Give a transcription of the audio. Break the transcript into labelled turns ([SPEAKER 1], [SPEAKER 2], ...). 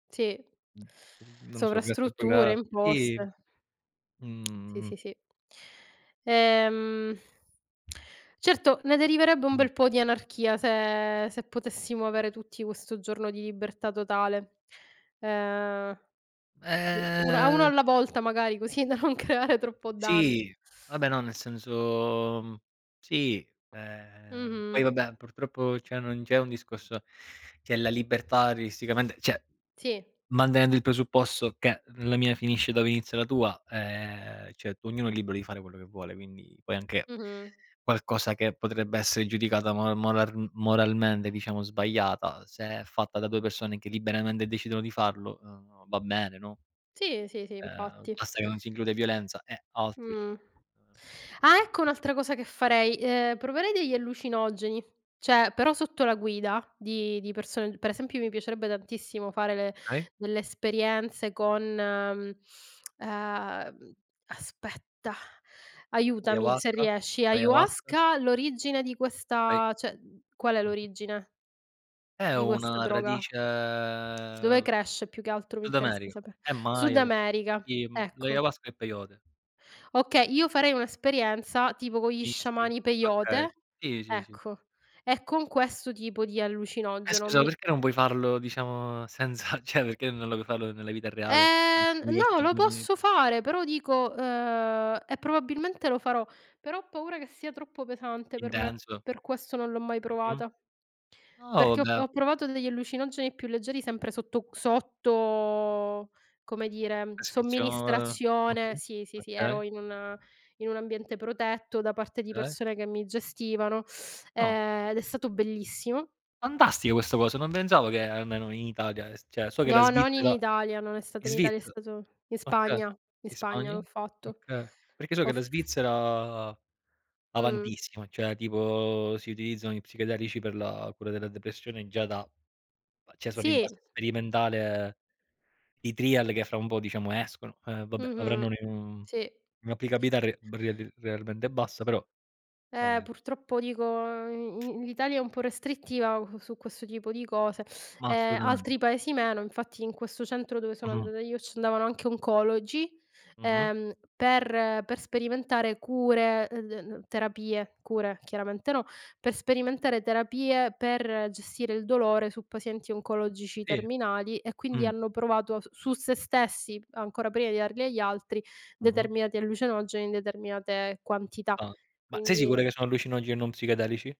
[SPEAKER 1] Sì.
[SPEAKER 2] Mh, n non lo so, grazie al
[SPEAKER 1] Sovrastrutture,
[SPEAKER 2] progra sì.
[SPEAKER 1] imposte. Sì,
[SPEAKER 2] Mhmm
[SPEAKER 1] sì, sì. Ehm, certo, ne deriverebbe un
[SPEAKER 2] Mh.
[SPEAKER 1] bel po' di anarchia se se potessimo avere tutti questo giorno di libertà totale. Ehm, u una uno
[SPEAKER 2] Uhm
[SPEAKER 1] alla volta magari, così da non creare troppo danno.
[SPEAKER 2] Sì. Vabbè no, nel senso mhmm, sì, ehm, poi
[SPEAKER 1] Mh-mh.
[SPEAKER 2] vabbè, purtroppo cioè non c'è un discorso c'è la libertà artisticamente cioè,
[SPEAKER 1] Sì.
[SPEAKER 2] mantenendo il presupposto che la mia finisce dove inizia la tua, ehm, cioè ognuno è libero di fare quello che vuole, quindi puoi anche
[SPEAKER 1] Mh-mh.
[SPEAKER 2] qualcosa che potrebbe essere giudicata mor moral moralmente, diciamo, sbagliata se è fatta da 2 persone che liberamente decidono di farlo, uhm, va bene, no?
[SPEAKER 1] Sì, sì, sì,
[SPEAKER 2] Ehm,
[SPEAKER 1] infatti.
[SPEAKER 2] basta che non si include violenza e altro, cioè
[SPEAKER 1] Mh. Ah, ecco un'altra cosa che farei: ehm, proverei degli allucinogeni. Cioè, però sotto la guida di di persone per esempio mi piacerebbe tantissimo fare le
[SPEAKER 2] Okay.
[SPEAKER 1] delle esperienze con, mhmm, uhm, aspetta, aiutami se
[SPEAKER 2] Ayahuasca.
[SPEAKER 1] riesci.
[SPEAKER 2] L'Ayahuasca.
[SPEAKER 1] Ayahuasca, l'origine di
[SPEAKER 2] Ay
[SPEAKER 1] questa cioè, qual è
[SPEAKER 2] Mh-mh.
[SPEAKER 1] l'origine
[SPEAKER 2] È
[SPEAKER 1] di questa
[SPEAKER 2] una
[SPEAKER 1] droga?
[SPEAKER 2] radice
[SPEAKER 1] Dove cresce più che altro mi interessa
[SPEAKER 2] sudamerica.
[SPEAKER 1] sape
[SPEAKER 2] È
[SPEAKER 1] Sud
[SPEAKER 2] Maya comu
[SPEAKER 1] America,
[SPEAKER 2] sì,
[SPEAKER 1] ecco.
[SPEAKER 2] l'Ayahuasca è Peyote.
[SPEAKER 1] Okay, io farei un'esperienza tipo con gli
[SPEAKER 2] Mistica.
[SPEAKER 1] sciamani
[SPEAKER 2] Okay.
[SPEAKER 1] Peyote,
[SPEAKER 2] Sì, sì, sì.
[SPEAKER 1] ecco, e con questo tipo di
[SPEAKER 2] E
[SPEAKER 1] allucinogeno,
[SPEAKER 2] scusa,
[SPEAKER 1] mi
[SPEAKER 2] perché non puoi farlo, diciamo, senza cioè perché non lo puoi farlo nella vita reale?
[SPEAKER 1] Ehm, n no, lo posso
[SPEAKER 2] [unintelligible]
[SPEAKER 1] fare, però dico uhm, e probabilmente lo farò, però ho paura che sia troppo pesante per me,
[SPEAKER 2] Intenso?
[SPEAKER 1] per questo non l'ho mai
[SPEAKER 2] Mh-mh.
[SPEAKER 1] provata.
[SPEAKER 2] Oh!
[SPEAKER 1] Perché ho p
[SPEAKER 2] Beh
[SPEAKER 1] ho provato degli allucinogeni più leggeri sempre sotto q sotto, come dire,
[SPEAKER 2] Prescrizio uhm,
[SPEAKER 1] somministrazione.
[SPEAKER 2] mh-mh?
[SPEAKER 1] Sì, sì, sì, ero
[SPEAKER 2] Okay.
[SPEAKER 1] in un in un ambiente protetto da parte di
[SPEAKER 2] Okay.
[SPEAKER 1] persone che mi gestivano,
[SPEAKER 2] No.
[SPEAKER 1] ehm, ed è stato bellissimo.
[SPEAKER 2] Fantastica questa cosa, non pensavo che almeno in Italia, ehm, s cioè so che la
[SPEAKER 1] No, non in
[SPEAKER 2] Svizzera
[SPEAKER 1] Italia, non è stato
[SPEAKER 2] in
[SPEAKER 1] in Italia, è
[SPEAKER 2] Svizzera
[SPEAKER 1] stato in
[SPEAKER 2] okay.
[SPEAKER 1] Spagna, in
[SPEAKER 2] In
[SPEAKER 1] Spagna l'ho
[SPEAKER 2] Spagna?
[SPEAKER 1] fatto.
[SPEAKER 2] Okay. Perché so
[SPEAKER 1] Ho
[SPEAKER 2] che
[SPEAKER 1] f
[SPEAKER 2] la Svizzera,
[SPEAKER 1] Mh.
[SPEAKER 2] avantissima, cioè tipo si utilizzano gli psichedelici per la cura della depressione già da cioè sono in
[SPEAKER 1] Sì.
[SPEAKER 2] fase sperimentale i trial che fra un po', diciamo, escono. Eh, vabbè,
[SPEAKER 1] Mh-mh.
[SPEAKER 2] avranno un e mhmm,
[SPEAKER 1] Sì.
[SPEAKER 2] un'applicabilità re be real realmente bassa, però,
[SPEAKER 1] Eh,
[SPEAKER 2] ehm
[SPEAKER 1] purtroppo dico, i in l'Italia è un po' restrittiva su questo tipo di cose.
[SPEAKER 2] Ma
[SPEAKER 1] Ehm,
[SPEAKER 2] assolutamente.
[SPEAKER 1] altri Paesi meno, infatti in questo centro dove sono
[SPEAKER 2] Mh-mh.
[SPEAKER 1] andata io ci andavano anche oncologi,
[SPEAKER 2] Mh-mh.
[SPEAKER 1] ehm, per per sperimentare cure, uhm, d n terapie cure chiaramente no. Per sperimentare terapie, per gestire il dolore su pazienti oncologici
[SPEAKER 2] Sì.
[SPEAKER 1] terminali e quindi
[SPEAKER 2] Mh.
[SPEAKER 1] hanno provato as su se stessi, ancora prima di darli agli altri,
[SPEAKER 2] Mh-mh.
[SPEAKER 1] determinati allucinogeni in determinate quantità.
[SPEAKER 2] Stans ma sei sicuro
[SPEAKER 1] Quindi
[SPEAKER 2] che sono allucinoge e non psichedelici?